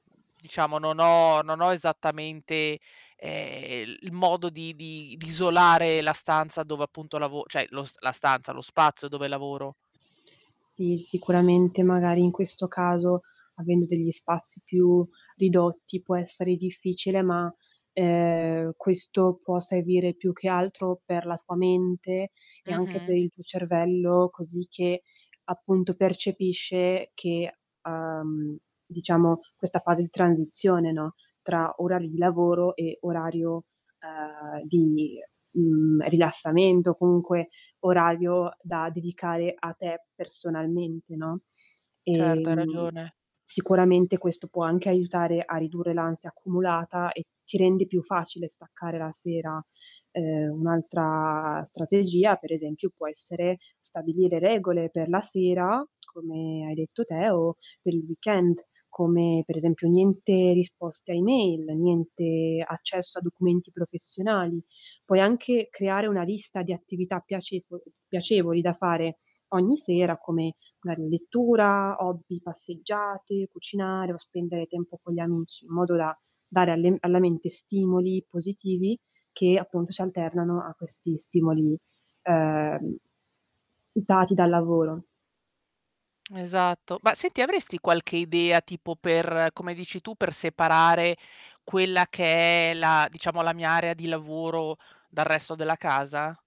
Diciamo non ho non ho esattamente, ehm, il modo di di di isolare la stanza dove appunto lavo cioè lo la stanza lo spazio dove lavoro. Sì, sicuramente magari in questo caso, avendo degli spazi più ridotti può essere difficile, ma, ehm, questo può servire più che altro per la tua mente e anche per Mh-mh. il tuo cervello, così che appunto percepisce che uhm, diciamo, questa fase di transizione, no, tra orari di lavoro e orario, uhm, di, mhmm, rilassamento o comunque, orario da dedicare a te personalmente, no. Certo, hai Ehm, ragione. sicuramente questo può anche aiutare a ridurre l'ansia accumulata, e ti rende più facile staccare la sera. Uhm, un altra strategia, per esempio può essere stabilire regole per la sera, come hai detto te o per il weekend, come per esempio niente risposte a email, niente accesso a documenti professionali. Puoi anche creare 1 lista di attività piacefout piacevoli da fare, ogni sera, come magari lettura, hobby, passeggiate, cucinare o spendere tempo con gli amici, in modo da dare alle alla mente stimoli positivi, che appunto si alternano a questi stimoli, uhm, dati dal lavoro. Esatto. Ma senti, avresti qualche idea tipo per come dici tu, per separare quella che è la diciamo la mia area di lavoro, dal resto della casa?